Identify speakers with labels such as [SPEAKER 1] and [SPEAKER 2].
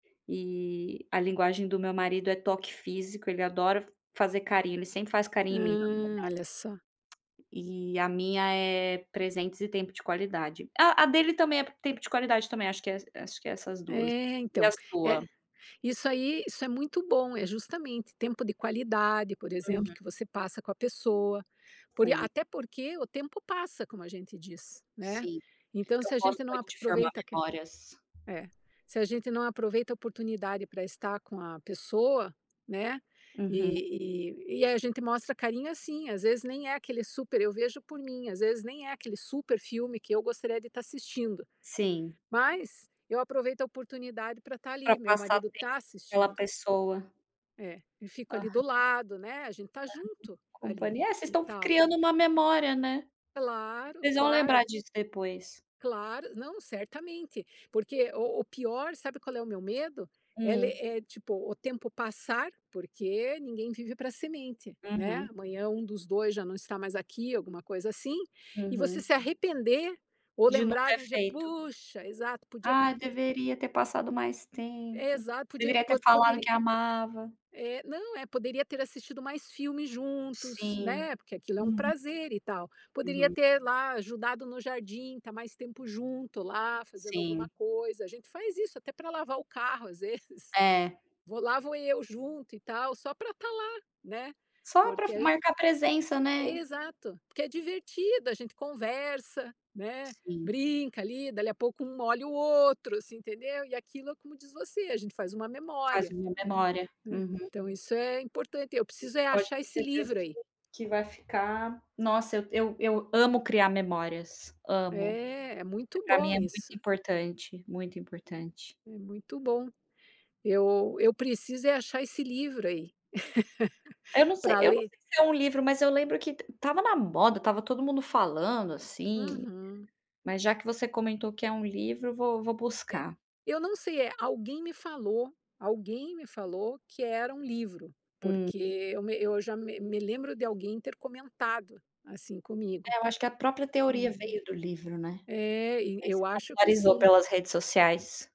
[SPEAKER 1] E, a linguagem do meu marido é toque físico. Ele adora fazer carinho, ele sempre faz carinho em mim
[SPEAKER 2] Hum,
[SPEAKER 1] [unintelligible]
[SPEAKER 2] olha só.
[SPEAKER 1] E a minha é presentes e tempo de qualidade ah, a dele também é p tempo de qualidade também, acho que é es acho que é essas 2.
[SPEAKER 2] É,
[SPEAKER 1] E
[SPEAKER 2] então.
[SPEAKER 1] a
[SPEAKER 2] É
[SPEAKER 1] sua?
[SPEAKER 2] isso aí, isso é muito bom, é justamente, tempo de qualidade, por exemplo,
[SPEAKER 1] Uhum.
[SPEAKER 2] que você passa com a pessoa. Por ia
[SPEAKER 1] Sim.
[SPEAKER 2] até porque, o tempo passa, como a gente diz, né.
[SPEAKER 1] Sim.
[SPEAKER 2] Então se
[SPEAKER 1] Eu
[SPEAKER 2] a
[SPEAKER 1] gosto
[SPEAKER 2] gente não
[SPEAKER 1] muito
[SPEAKER 2] ap
[SPEAKER 1] de formar
[SPEAKER 2] aproveita que
[SPEAKER 1] memórias.
[SPEAKER 2] É. Se a gente não aproveita a oportunidade pra estar com a pessoa, né,
[SPEAKER 1] Uhum.
[SPEAKER 2] e e e a gente mostra carinho assim, às vezes nem é aquele super eu vejo por mim, às vezes nem é aquele super filme que eu gostaria de estar assistindo.
[SPEAKER 1] Sim.
[SPEAKER 2] Mas, eu aproveito a oportunidade pra estar
[SPEAKER 1] Pra
[SPEAKER 2] ali, meu
[SPEAKER 1] passar
[SPEAKER 2] marido tá
[SPEAKER 1] [unintelligible] pela
[SPEAKER 2] assistindo
[SPEAKER 1] pessoa.
[SPEAKER 2] É. E fico ali do
[SPEAKER 1] Aham.
[SPEAKER 2] lado, né. A gente tá junto ali,
[SPEAKER 1] Companhia é, vocês
[SPEAKER 2] e
[SPEAKER 1] estão f
[SPEAKER 2] tal.
[SPEAKER 1] criando uma memória, né?
[SPEAKER 2] Claro,
[SPEAKER 1] Vocês vão lembrar
[SPEAKER 2] claro.
[SPEAKER 1] disso depois.
[SPEAKER 2] Claro. Não, certamente. Porque o o pior, sabe qual é o meu medo? Ele
[SPEAKER 1] Hum?
[SPEAKER 2] é tipo, o tempo passar porque ninguém vive pra semente, né,
[SPEAKER 1] Uhum.
[SPEAKER 2] amanhã um dos 2 já não está mais aqui, alguma coisa assim, e você
[SPEAKER 1] Uhum.
[SPEAKER 2] se arrepender, ou
[SPEAKER 1] De não
[SPEAKER 2] lembrar
[SPEAKER 1] ter
[SPEAKER 2] de um dia:
[SPEAKER 1] feito.
[SPEAKER 2] "Puxa" exato, "Podia
[SPEAKER 1] "Ah,
[SPEAKER 2] ter"
[SPEAKER 1] deveria ter passado mais tempo.
[SPEAKER 2] Exato, podia
[SPEAKER 1] Deveria ter
[SPEAKER 2] po
[SPEAKER 1] falado
[SPEAKER 2] poderia
[SPEAKER 1] que amava".
[SPEAKER 2] eh, não, é poderia ter assistido mais filme juntos,
[SPEAKER 1] Sim.
[SPEAKER 2] né, porque aquilo é um
[SPEAKER 1] Uhum.
[SPEAKER 2] prazer, e tal. Poderia
[SPEAKER 1] Uhum.
[SPEAKER 2] ter lá ajudado no jardim, tá mais tempo junto lá, fazendo alguma
[SPEAKER 1] Sim.
[SPEAKER 2] coisa. A gente faz isso até pra lavar o carro às vezes.
[SPEAKER 1] É.
[SPEAKER 2] Vou lá vou eu junto e tal, só pra estar lá, né.
[SPEAKER 1] Só pra
[SPEAKER 2] Porque
[SPEAKER 1] f
[SPEAKER 2] a
[SPEAKER 1] marcar presença, né?
[SPEAKER 2] Exato. Porque é divertido, a gente conversa, né.
[SPEAKER 1] Sim.
[SPEAKER 2] Brinca ali, dali a pouco um molha o outro, assim, entendeu? E aquilo, é como diz você, a gente faz uma
[SPEAKER 1] Faz
[SPEAKER 2] memória
[SPEAKER 1] uma
[SPEAKER 2] ali,
[SPEAKER 1] memória.
[SPEAKER 2] né.
[SPEAKER 1] Uhum.
[SPEAKER 2] Então isso é importante, eu
[SPEAKER 1] E
[SPEAKER 2] preciso
[SPEAKER 1] você
[SPEAKER 2] é
[SPEAKER 1] pode
[SPEAKER 2] achar
[SPEAKER 1] ter
[SPEAKER 2] esse
[SPEAKER 1] certeza
[SPEAKER 2] livro
[SPEAKER 1] que
[SPEAKER 2] aí.
[SPEAKER 1] que vai ficar nossa, eu eu eu amo criar memórias, amo.
[SPEAKER 2] É,
[SPEAKER 1] Eh,
[SPEAKER 2] muito
[SPEAKER 1] pra mim
[SPEAKER 2] bom
[SPEAKER 1] é muito
[SPEAKER 2] isso.
[SPEAKER 1] importante. Muito importante.
[SPEAKER 2] É muito bom. Eu eu preciso é achar esse livro aí,
[SPEAKER 1] Eu não sei
[SPEAKER 2] pra
[SPEAKER 1] eu não
[SPEAKER 2] ler.
[SPEAKER 1] sei se é um livro, mas eu lembro que t tava na moda, tava todo mundo falando, assim.
[SPEAKER 2] Uhum.
[SPEAKER 1] Mas já que você comentou que é um livro, eu vou vou buscar.
[SPEAKER 2] Eu não sei, eh alguém me falou. Alguém me falou que era um livro,
[SPEAKER 1] Hum.
[SPEAKER 2] porque eu me eu já me me lembro de alguém ter comentado, assim, comigo.
[SPEAKER 1] É, eu acho que a própria teoria veio do livro, né.
[SPEAKER 2] Eh, e
[SPEAKER 1] Aí
[SPEAKER 2] eu
[SPEAKER 1] se
[SPEAKER 2] acho que
[SPEAKER 1] popularizou
[SPEAKER 2] sim.
[SPEAKER 1] pelas redes sociais.